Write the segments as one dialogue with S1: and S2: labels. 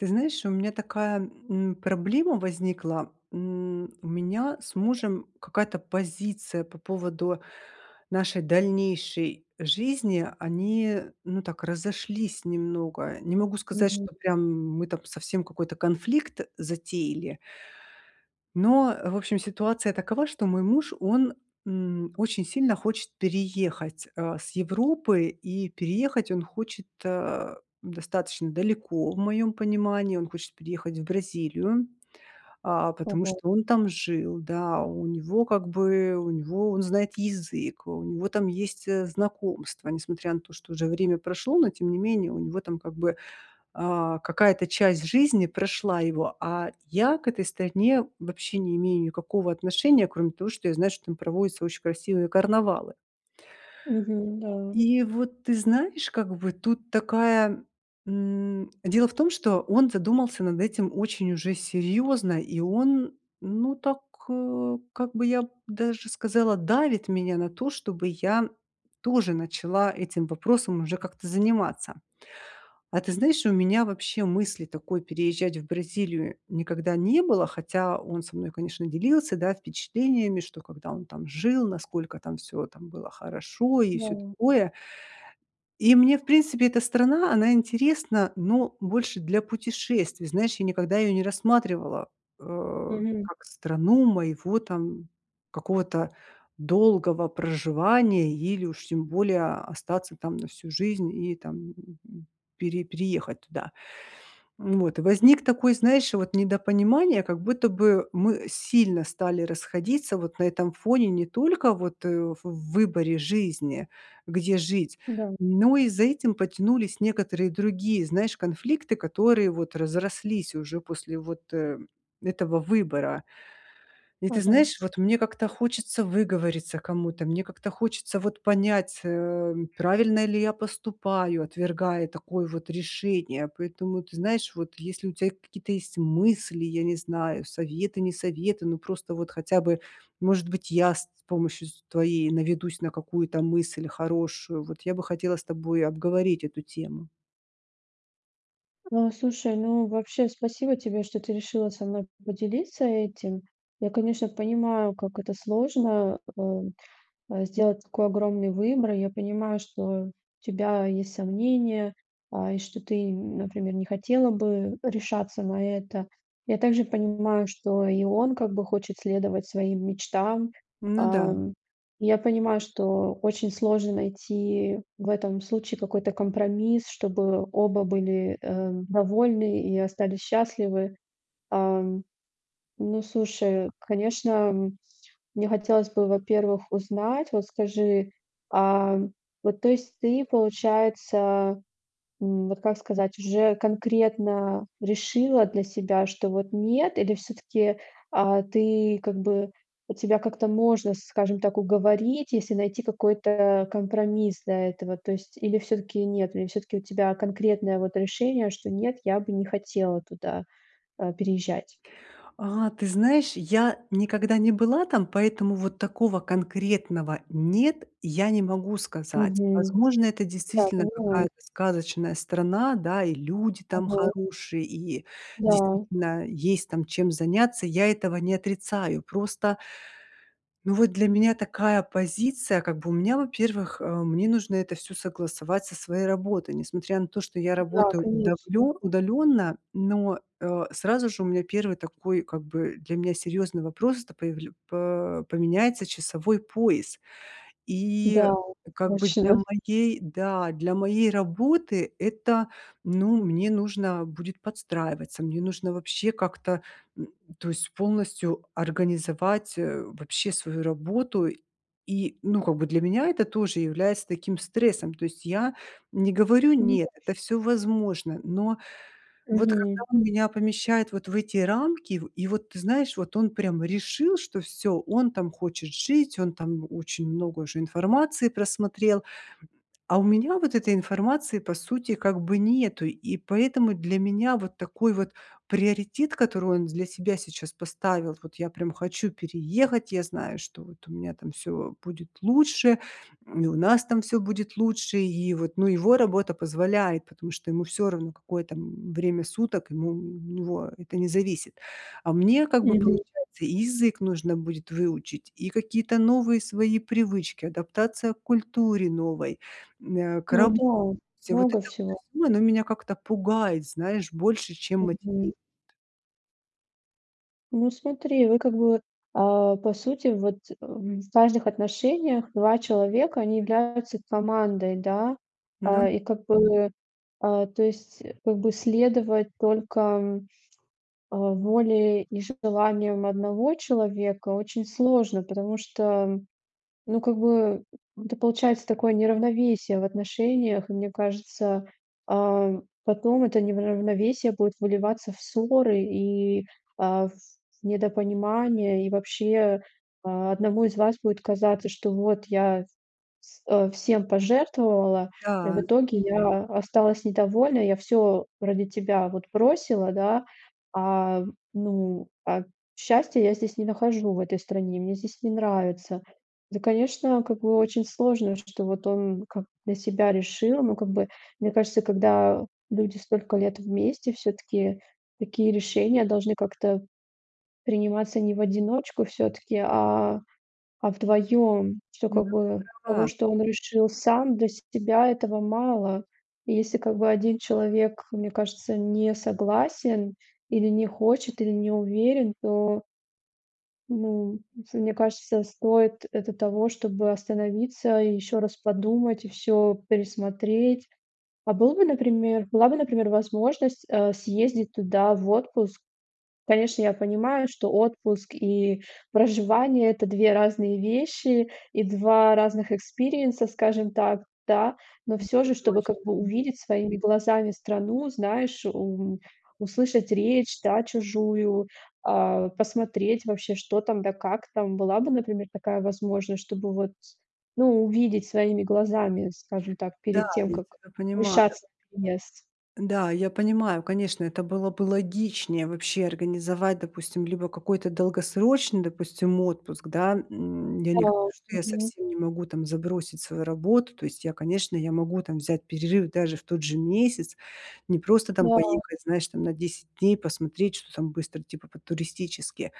S1: Ты знаешь, у меня такая, м, проблема возникла. М, у меня с мужем какая-то позиция по поводу нашей дальнейшей жизни. Они, ну, так разошлись немного. Не могу сказать,
S2: Мгм.
S1: что прям мы там совсем какой-то конфликт затеяли но, в общем, ситуация такова, что мой муж, он, м, очень сильно хочет переехать, а, с Европы и переехать он хочет, а, достаточно далеко в моем понимании. Он хочет переехать в Бразилию, а, потому
S2: Мгм.
S1: что он там жил, да. У него, как бы, у него Он знает язык, у него там есть, э, знакомства, несмотря на то, что уже время прошло, но тем не менее у него там, как бы, а, какая-то часть жизни прошла его. А я к этой стране вообще не имею никакого отношения, кроме того, что я знаю, что там проводятся очень красивые карнавалы.
S2: Мгм. Да.
S1: И вот, ты знаешь, как бы тут такая м Дело в том, что он задумался над этим очень уже серьёзно, и он, ну, так, э, как бы, я б даже сказала, давит меня на то, чтобы я тоже начала этим вопросом уже как-то заниматься. А ты знаешь, у меня вообще мысли такой переезжать в Бразилию никогда не было, хотя он со мной, конечно, делился, да, впечатлениями, что, когда он там жил, насколько там всё там было хорошо и всё
S2: Да.
S1: такое. И мне, в принципе, эта страна, она интересна, но больше для путешествий. Знаешь, я никогда её не рассматривала, а,
S2: Мгм.
S1: как страну моего там какого-то долгого проживания или уж тем более остаться там на всю жизнь и там, м, пере переехать туда. Вот и возник такой, знаешь, вот недопонимание, как будто бы мы сильно стали расходиться вот на этом фоне, не только вот, э, в выборе жизни, где жить,
S2: Да.
S1: но и за этим потянулись некоторые другие, знаешь, конфликты, которые вот разрослись уже после вот, э, этого выбора. И ты
S2: Ага.
S1: знаешь, вот мне хочется выговориться кому-то, мне как-то хочется вот понять, э, правильно ли я поступаю, отвергая такое вот решение. Поэтому, ты знаешь, вот если у тебя какие-то есть мысли, я не знаю, советы, не советы, но просто вот хотя бы, может быть, я с т помощью, с твоею наведусь на какую-то мысль хорошую. Вот я бы хотела с тобой обговорить эту тему.
S2: Э, слушай, ну, вообще, спасибо тебе, что ты решила со мной по поделиться этим. Я, конечно, понимаю, как это сложно, э, э, сделать такой огромный выбор. Я понимаю, что у тебя есть сомнения, а, и что ты, например, не хотела бы решаться на это. Я также понимаю, что и он как бы хочет следовать своим мечтам.
S1: Ну да.
S2: А, м. Я понимаю, что очень сложно найти в этом случае какой-то компромисс, чтобы оба были, э, довольны и остались счастливы. А. Ну, слушай, конечно, мне хотелось бы, во-первых, узнать. Вот скажи, а вот, то есть ты, получается, м, вот, как сказать, уже конкретно решила для себя, что вот нет, или всё-таки, а, ты, как бы, тебя как-то можно, скажем так, уговорить, если найти какой-то компромисс для этого? То есть или всё-таки нет, или всё-таки у тебя конкретное вот решение, что: "Нет, я бы не хотела туда, а, переезжать"?
S1: А, ты знаешь, я никогда не была там, поэтому вот такого конкретного нет, я не могу сказать.
S2: Мгм.
S1: Возможно, это
S2: Да,
S1: действительно
S2: понимаю.
S1: какая-то сказочная страна, да, и люди там
S2: Мгм.
S1: хорошие, и
S2: Да.
S1: действительно есть там чем заняться, я этого не отрицаю, просто, ну, вот для меня такая позиция как бы у меня, во-первых, э, мне нужно это всё согласовать со своей работой, несмотря на то, что я
S2: Да,
S1: работаю
S2: конечно.
S1: удавленно удалённо, но, э, сразу же у меня первый такой, как бы для меня серьёзный вопрос- это появля по поменяется часовой пояс, и
S2: Да,
S1: как бы для
S2: точно.
S1: моей, да, для моей работы это, ну, мне нужно будет подстраиваться. Мне нужно вообще как-то, м, то есть полностью организовать, э, вообще свою работу, и, ну, как бы для меня это тоже является таким стрессом. То есть я не говорю
S2: Ну
S1: "нет",
S2: да.
S1: это всё возможно. Но вот когда
S2: Мгм.
S1: он меня помещает вот в эти рамки, и в и вот, ты знаешь, вот он прям решил, что всё, он там хочет жить, он там очень много уже информации просмотрел, а у меня вот этой информации по сути как бы нету, и поэтому для меня вот такой вот приоритет, который он для себя сейчас поставил: "Вот я прям хочу переехать, я знаю, что вот у меня там всё будет лучше, и у нас там всё будет лучше". И вот, ну, его работа позволяет, потому что ему всё равно, какое там, м, время суток, ему у него это не зависит, а мне как бы
S2: Мгм.
S1: получается и язык нужно будет выучить, и какие-то новые свои привычки, адаптация к культуре новой, м, э, к
S2: Ну
S1: работе-
S2: да,
S1: вот
S2: много
S1: это
S2: всего.
S1: вот всё, оно меня как-то пугает, знаешь, больше, чем
S2: Мгм.
S1: мотивирует.
S2: Ну, смотри, вы как бы, а, по сути, вот, э, в важных отношениях 2 человека, они являются командой, да.
S1: Ну.
S2: А, и как бы, а, то есть, как бы следовать только, э, воле и желаниям 1 человека очень сложно, потому что, ну, как бы, это получается такое неравновесие в отношениях, и мне кажется, ам, потом это неравновесие будет выливаться в ссоры и, а, в в недопонимания, и вообще, одному из вас будет казаться, что вот я вс э, всем пожертвовала, и в
S1: Да.
S2: итоге я осталась недовольна, я всё ради тебя вот бросила, да, а, ну, а счастья я здесь не нахожу в этой стране, мне здесь не нравится. Ну, конечно как бы, очень сложно, что вот он, как бы для себя решил, ну, как бы. Мне кажется, когда люди столько лет вместе, все-таки такие решения должны как-то приниматься не в одиночку все-таки, а, а вдвоем. Что,
S1: Ну,
S2: как
S1: ты
S2: бы того,
S1: права.
S2: что он решил сам для себя этого мало. И если, как бы 1 человек, мне кажется, не согласен или не хочет, или не уверен, то Ну, ф мне кажется, стоит это того, чтобы остановиться и еще раз подумать, и всё пересмотреть. А был бы, например, была бы, например, возможность, э, съездить туда в отпуск? Конечно, я понимаю, что отпуск и проживание это 2 разные вещи и 2 разных экспириенса, скажем так, да. Но всё
S1: Это
S2: же, чтобы как
S1: точно.
S2: бы
S1: М.
S2: увидеть своими глазами страну, знаешь, м, услышать речь да, чужую, а, посмотреть вообще, что там, да как там. Была бы, например, такая возможность, чтобы вот, ну увидеть своими глазами, скажем так,
S1: Да,
S2: перед тем,
S1: я
S2: как
S1: тебя понимаю.
S2: решаться на переезд?
S1: Да, я понимаю, конечно, это было бы логичнее вообще организовать, допустим либо какой-то долгосрочный, допустим отпуск, да. М, я
S2: Да,
S1: не говорю, что я
S2: мгм.
S1: совсем не могу там забросить свою работу. То есть я, конечно, я могу там взять перерыв даже в тот же месяц. Не просто там
S2: Да.
S1: поехать, знаешь там на 10 дней посмотреть, что там быстро, типа по-туристически.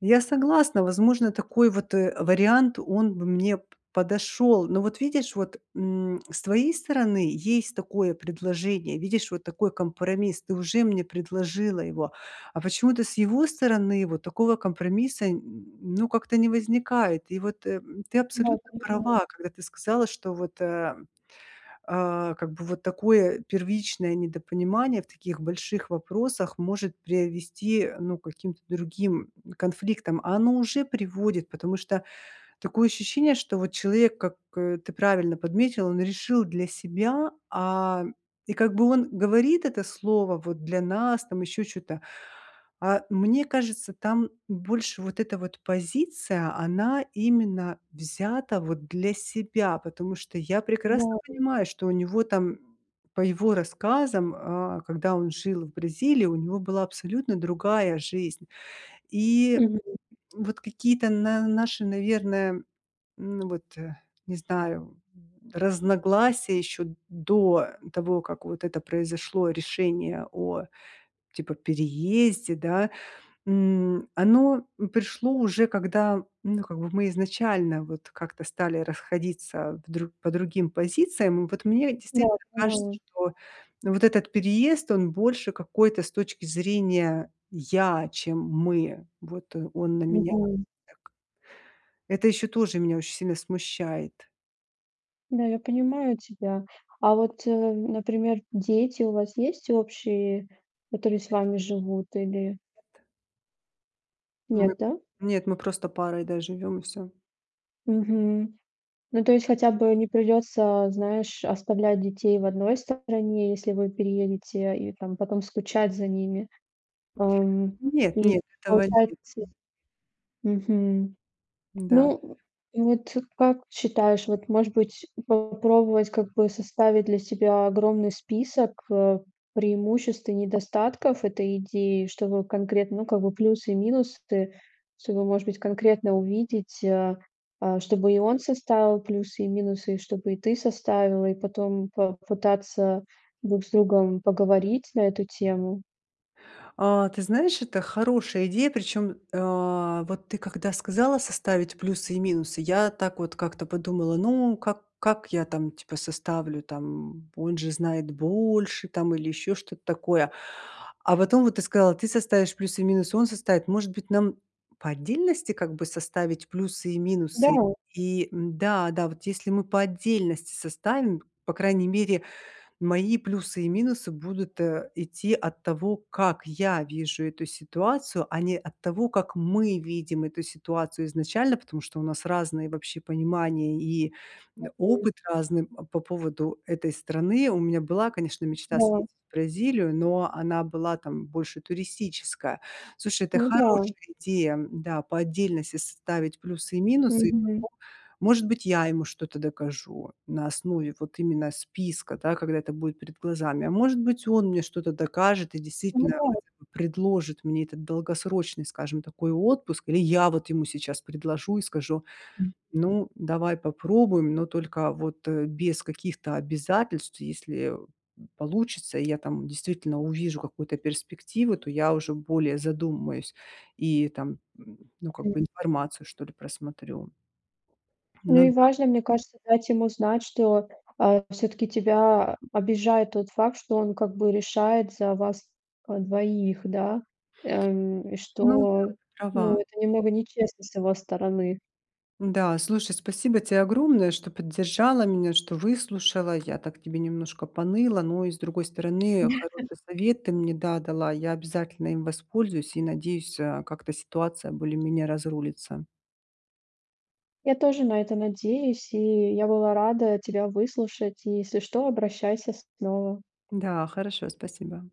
S1: Я согласна, возможно такой вот, э, вариант он бы мне п подошёл. Но вот видишь вот, м, с твоей стороны есть такое предложение, видишь вот такой компромисс, ты уже мне предложила его, а почему-то с его стороны вот такого компромисса н ну как-то не возникает, и вот, э, ты
S2: Да,
S1: абсолютно
S2: тяжело.
S1: права, когда ты сказала что вот, э, э, как бы вот такое первичное недопонимание в таких больших вопросах может привести, ну к каким-то другим конфликтам, а оно уже приводит, потому что такое ощущение, что вот человек как, э, ты правильно подметила, он решил для себя, а. И как бы он говорит это слово, вот, для нас, там еще чё-то. А мне кажется, там больше вот эта вот позиция, она именно взята, вот для себя. Потому что я прекрасно
S2: Да.
S1: понимаю, что у него там, по его рассказам, э, когда он жил в Бразилии у него была абсолютно другая жизнь, и
S2: Мгм.
S1: вот какие-то на наши, наверное, ну вот, э, не знаю, м, разногласия еще до того, как вот это произошло решение о типа переезде, да. М, оно пришло уже когда, ну как бы мы изначально вот как-то стали расходиться в дру по другим позициям. Вот мне
S2: Да,
S1: действительно кажется,
S2: понимаю.
S1: что вот этот переезд, он больше какой-то, с точки зрения я, чем мы вот, э, он на меня
S2: Мгм.
S1: так. Это еще тоже меня очень сильно смущает.
S2: Да, я понимаю тебя. А вот, э, например, дети у вас есть общие, которые с
S1: Нет.
S2: вами живут или
S1: Нет. Мы
S2: Нет, да?
S1: нет, мы просто парой да живём и всё.
S2: Мгм. Ну, то есть хотя бы не придётся, знаешь, оставлять детей в одной стороне, если вы переедете, и там потом скучать за ними. Ам,
S1: Нет,
S2: и
S1: нет, этого нет,
S2: получается,
S1: м.
S2: мгм.
S1: М-да.
S2: Ну, вот, э, как считаешь, вот, может быть, попробовать, как бы составить для себя огромный список, э, преимуществ и недостатков этой идеи? Чтобы конкретно, ну, как бы, плюсы и минусы, чтобы, может быть, конкретно увидеть, э. Э, чтобы и он составил плюсы и минусы, и чтобы и ты составила. И потом попытаться друг с другом поговорить на эту тему?
S1: А ты знаешь, это хорошая идея. Причём, э, вот ты когда сказала составить плюсы и минусы, я так вот как-то подумала: "Ну как как я там типа составлю, там он же знает больше там или ещё что-то такое." А вот потом вот ты сказала: "Ты составишь плюсы и минусы, он составит." Может быть нам по отдельности как бы составить плюсы и
S2: Да.
S1: минусы, и м-да, да вот, если мы по отдельности составим, по крайней мере мои плюсы и минусы будут, э, идти от того, как я вижу эту ситуацию, а не от того, как мы видим эту ситуацию изначально. Потому что у нас разные вообще понимания, и, м,
S2: Мгм.
S1: опыт разный, э, по поводу этой страны. У меня была, конечно, мечта съездить
S2: Да.
S1: в Бразилию, но она была там больше туристическая. Слушай, это
S2: Ну да.
S1: хорошая идея, м-да. По отдельности составить плюсы и минусы. И
S2: Мгм.
S1: потом может быть я ему что-то докажу на основе вот именно списка да, когда это будет перед глазами. А может быть он мне что-то докажет, и
S2: Ну
S1: действительно
S2: да.
S1: хотя бы предложит мне этот долгосрочный, скажем такой отпуск. Или я вот ему сейчас предложу и скажу:
S2: М.
S1: "Ну давай попробуем, но только вот, э, без каких-то обязательств." И если, э, м, получится, и я там действительно увижу какую-то перспективу, то я уже более задумаюсь. И там, ну как
S2: М.
S1: бы информацию что ли просмотрю.
S2: Ну
S1: Ну
S2: и
S1: да.
S2: важно, мне кажется, дать ему знать, что, э, все-таки тебя обижает тот факт, что он как бы решает за вас, э, двоих, да? Эм, и
S1: Ну да,
S2: что
S1: ты
S2: ну
S1: права.
S2: это немного нечестно с его стороны.
S1: М-да слушай, спасибо тебе огромное, что поддержала меня, что выслушала. Я так тебе немножко поныла, но и с другой стороны
S2: Да.
S1: хороший совет ты мне да дала. Я обязательно им воспользуюсь и, надеюсь, а, как-то ситуация более-менее разрулится.
S2: Я тоже на это надеюсь. И я была рада тебя выслушать и если что, обращайся снова.
S1: Да хорошо спасибо.